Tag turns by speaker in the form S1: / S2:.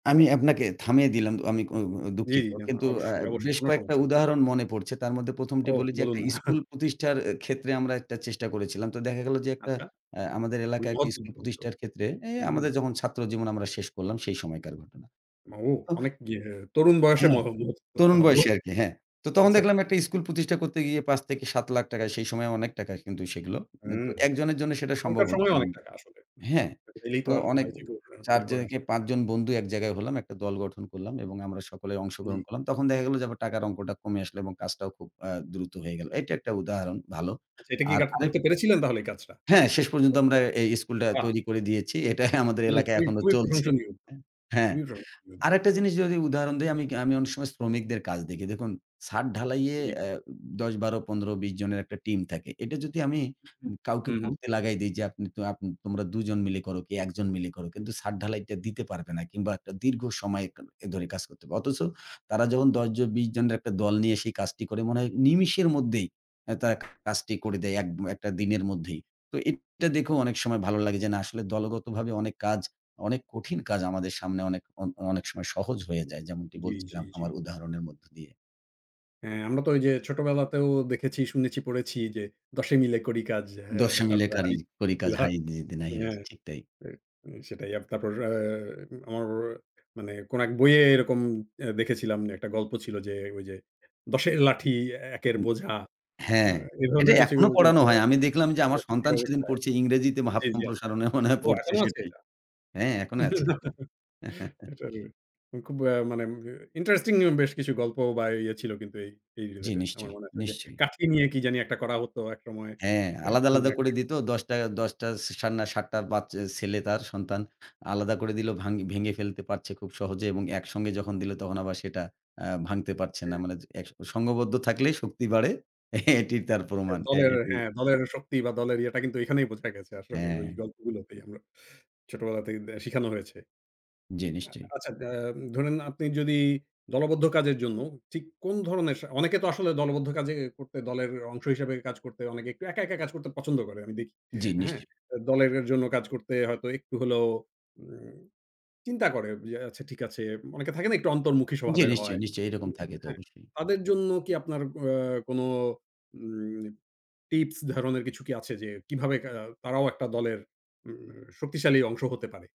S1: আমি আপনাকে থামিয়ে দিলাম। আমি অ
S2: জ্বি,
S1: দুঃখিত।
S2: জ্বি, না, না
S1: কিন্তু আ
S2: অবশ্যই, অবশ্যই
S1: বেশ
S2: কোনো
S1: কয়েকটা
S2: সমস্যা নেই।
S1: উদাহরণ মনে পড়ছে। তার মধ্যে ১মটি
S2: ও
S1: বলি যে,
S2: বলুন
S1: একটা
S2: না।
S1: স্কুল প্রতিষ্ঠার ক্ষেত্রে আমরা একটা চেষ্টা করেছিলাম। তো দেখা গেল যে, একটা
S2: আচ্ছা।
S1: আ আমাদের এলাকায় একটি স্কুল
S2: [unintelligible]
S1: প্রতিষ্ঠার ক্ষেত্রে এ
S2: হুম।
S1: আমাদের যখন ছাত্রজীবন আমরা শেষ করলাম সেই সময়কার ঘটনা।
S2: ও
S1: ও
S2: অনেক ইয়ে তরুণ বয়সে
S1: হ্যাঁ,
S2: [unintelligible] করতে
S1: তরুণ
S2: হবে।
S1: বয়সে আরকি, হ্যাঁ। তো তখন
S2: আচ্ছা।
S1: দেখলাম একটা স্কুল প্রতিষ্ঠা করতে গিয়ে ৳৫,০০,০০০-৳৭,০০,০০০ য় সেই সময় অনেক টাকা কিন্তু সেগুলো।
S2: হুম,
S1: তো একজনের জন্য সেটা সম্ভব
S2: এখনকার সময়
S1: হচ্ছিলো
S2: অনেক
S1: না।
S2: টাকা আসলে।
S1: হ্যাঁ,
S2: এলেই তো
S1: তো
S2: আর
S1: অনেক
S2: [unintelligible]
S1: ৪
S2: বের করে
S1: জন কে
S2: আসতে
S1: ৫
S2: পারে।
S1: জন বন্ধু এক জায়গায় হলাম। একটা দল গঠন করলাম এবং আমরা সকলেই অংশগ্রহণ
S2: জ্বি।
S1: করলাম। তখন দেখা গেল যে, আবার টাকার অঙ্কটা কমে আসলো এবং কাজটাও খুব আ দ্রুত হয়ে গেল। এটা একটা উদাহরণ ভালো।
S2: আচ্ছা, এটা কি
S1: আর
S2: কা
S1: আরেক
S2: করতে পেরেছিলেন তাহলে এই কাজটা?
S1: হ্যাঁ, শেষ পর্যন্ত
S2: [unintelligible]
S1: আমরা এই স্কুলটা
S2: বাহ!
S1: তৈরি করে দিয়েছি। এটাই আমাদের
S2: খুবই,
S1: এলাকায়
S2: খুবই
S1: এখনো
S2: খুবই
S1: চলছে।
S2: প্রশংসনীয়।
S1: এ হ্যাঁ,
S2: খুবই প্রশংসনীয়।
S1: আরেকটা জিনিস যদি উদাহরণ দেই আমি আমি অনেক সময় শ্রমিকদের কাজ দেখি। দেখুন ছাদ ঢালাইয়ে
S2: জী।
S1: আ ১০, ১২, ১৫, ২০ জনের একটা টিম থাকে। এটা যদি আমি
S2: হু, হুম। হু,
S1: কাউকে
S2: হুম।
S1: করতে লাগায় দেই যে, আপ আপন তোমরা দুজন মিলে করো কি একজন মিলে করো কিন্তু ছাদ ঢালাইটা দিতে পারবে না। কিংবা একটা দীর্ঘ সময় এ ধরে কাজ করতে হবে। অথচ তারা যখন ১০জন ২০ জনের একটা দল নিয়ে সেই কাজটি করে মনে হয় নিমেষের মধ্যেই এ তারা কাজটি করে দেয় এক ম একটা দিনের মধ্যেই। তো এটা দেখোও অনেক সময় ভালো লাগে যে, না আসলে দলগতভাবে অনেক কাজ অনেক কঠিন কাজ আমাদের সামনে অনেক অ অনেক সময় সহজ হয়ে যায়। যেমনটি
S2: জ্বী, জ্বী,
S1: বলছিলাম
S2: জ্বী।
S1: আমার উদাহরণের মধ্য দিয়ে।
S2: হ্যাঁ, আমরা তো ওইযে ছোটবেলাতেও দেখেছি, শুনেছি, পড়েছি যে, দশে মিলে করি কাজ। আ
S1: ১০ মিলে
S2: তারপরে
S1: কারি করি কাজ
S2: [unintelligible]
S1: হাতে জিতি নাহি রাজ,
S2: হ্যাঁ,
S1: ঠিক তাই।
S2: উ সেটাই তারপর আ আমার মানে কোনো এক বইয়ে এরকম দেখেছিলাম একটা গল্প ছিল যে, ওই যে, দশের লাঠি, একের
S1: অ
S2: বোঝা
S1: হ্যাঁ।
S2: এ
S1: এটা
S2: ধরনের কিছু
S1: এখনো পড়ানো
S2: কিন্তু
S1: হয়। আমি দেখলাম যে, আমার
S2: [unintelligible]
S1: সন্তান সেদিন
S2: অবস্থায়।
S1: পড়ছে ইংরেজিতে ভাব
S2: জ্বি, জ্বি, আচ্ছা।
S1: সম্প্রসারণে মনে হয়
S2: ও
S1: পড়ছে
S2: এখনো আছে
S1: সেটি
S2: এটা।
S1: হ্যাঁ, এখনো আছে।
S2: না, এটার হুম, খুব আ মানে আ ইন্টারেস্টিং বেশ কিছু গল্প বা ইয়ে ছিল কিন্তু এই
S1: জ্বি,
S2: রিলেটেড। আমার
S1: নিশ্চয়,
S2: মনে আছে যে,
S1: নিশ্চয়ই।
S2: কাজ নিয়ে কি জানি একটা করা হতো একসময়।
S1: হ্যাঁ, আলাদা, আলাদা করে
S2: [unintelligible]
S1: দিত। দশটা দশটা সান ৭ টা বাচ্চা ছেলে তার সন্তান আলাদা করে দিলো ভাঙ ভেঙে ফেলতে পারছে খুব সহজে এবং একসঙ্গে যখন দিল তখন আবার সেটা আ ভাঙতে পারছে না।
S2: হুম।
S1: মানে জ এ সংঘবদ্ধ থাকলেই শক্তি বাড়ে। এটিই তার
S2: এ
S1: প্রমাণ। হ্যাঁ,
S2: দলের
S1: এটিই
S2: হ্যাঁ, দলের শক্তি বা দলের ইয়েটা কিন্তু এখানেই বোঝা গেছে আসলে ওই
S1: হ্যাঁ।
S2: গল্পগুলোতেই আমরা ছোটবেলাতেই শিখানো হয়েছে।
S1: জ্বি, নিশ্চয়ই।
S2: আচ্ছা আ ধরেন আপনি যদি দলবদ্ধ কাজের জন্য ঠিক কোনোধরনের স অনেকে তো আসলে দলবদ্ধ কাজে করতে দলের অংশ হিসেবে কাজ করতে অনেকে একটু একা, একা কাজ করতে পছন্দ করে। আমি দেখি।
S1: জ্বি,
S2: হ্যাঁ,
S1: নিশ্চয়ই।
S2: দলের জন্য কাজ করতে হয়তো একটু হলেও উ চিন্তা করে যে, আচ্ছা ঠিক আছে। অনেকে থাকে না একটু অন্তর্মুখী
S1: জ্বী,
S2: স্বভাবের
S1: নিশ্চয়ই,
S2: হয়।
S1: নিশ্চয়ই এরকম থাকে তো
S2: [unintelligible]
S1: অবশ্যই।
S2: তাদের জন্য কি আপনার আ কোনো উ টিপস ধরণের কিছু কি আছে যে, কিভাবে আ তারাও একটা দলের উ শক্তিশালী অংশ হতে পারে?